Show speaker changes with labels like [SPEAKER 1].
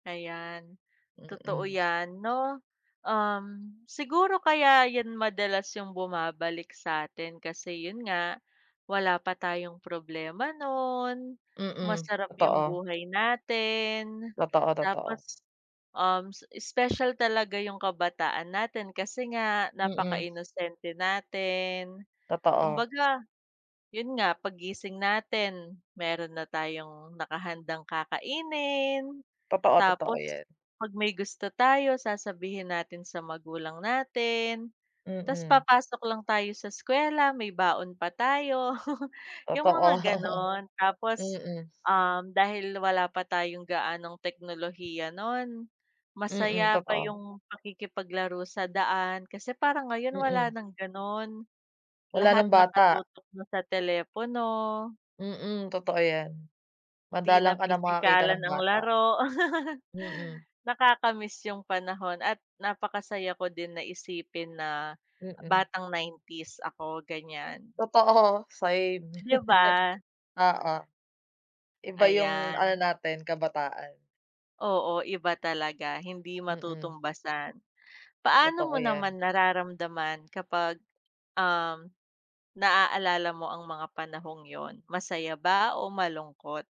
[SPEAKER 1] Ayan, totoo
[SPEAKER 2] Mm.
[SPEAKER 1] yan, 'no. Um, siguro kaya yan madalas yung bumabalik sa 'tin kasi yun nga wala pa tayong problema no'n,
[SPEAKER 2] Mm,
[SPEAKER 1] masarap yung
[SPEAKER 2] totoo.
[SPEAKER 1] buhay natin.
[SPEAKER 2] Totoo, totoo.
[SPEAKER 1] Tapos, um, special talaga yung kabataan natin, kasi nga
[SPEAKER 2] Mm.
[SPEAKER 1] napakainosente natin,
[SPEAKER 2] Totoo.
[SPEAKER 1] kumbaga yun nga paggising natin mayro'n na tayong nakahandang kakainin.
[SPEAKER 2] Totoo, totoo
[SPEAKER 1] Tapos
[SPEAKER 2] yan.
[SPEAKER 1] pag may gusto tayo sasabihin natin sa magulang natin, ta's
[SPEAKER 2] Mm.
[SPEAKER 1] papasok lang tayo sa eskwela may baon pa tayo yung mga
[SPEAKER 2] Totoo,
[SPEAKER 1] gano'n. Tapos,
[SPEAKER 2] mm.
[SPEAKER 1] um, dahil wala pa tayong gaanong teknolohiya no'n
[SPEAKER 2] Mm,
[SPEAKER 1] masaya pa
[SPEAKER 2] totoo.
[SPEAKER 1] yung pakikipaglaro sa daan kasi parang ngayon wala
[SPEAKER 2] Mm.
[SPEAKER 1] ng gano'n,
[SPEAKER 2] Wala
[SPEAKER 1] lahat
[SPEAKER 2] ng bata.
[SPEAKER 1] nakatutok na sa telepono.
[SPEAKER 2] Mm, totoo yan.
[SPEAKER 1] Di na
[SPEAKER 2] Madalang ka na makakita
[SPEAKER 1] pisikalan
[SPEAKER 2] ng
[SPEAKER 1] ang
[SPEAKER 2] bata.
[SPEAKER 1] laro.
[SPEAKER 2] Mm.
[SPEAKER 1] Nakakamiss yung panahon at napakasaya ko din na isipin na
[SPEAKER 2] Mm.
[SPEAKER 1] batang 90's ako ganyan.
[SPEAKER 2] Totoo, same.
[SPEAKER 1] 'Di ba?
[SPEAKER 2] Oo, iba yung ano
[SPEAKER 1] Ayan.
[SPEAKER 2] natin kabataan.
[SPEAKER 1] Oo, iba talaga hindi
[SPEAKER 2] Mm.
[SPEAKER 1] matutumbasan. Paano
[SPEAKER 2] Totoo
[SPEAKER 1] mo
[SPEAKER 2] yan.
[SPEAKER 1] naman nararamdaman kapag, um, naaalala mo ang mga panahong yun, masaya ba o malungkot?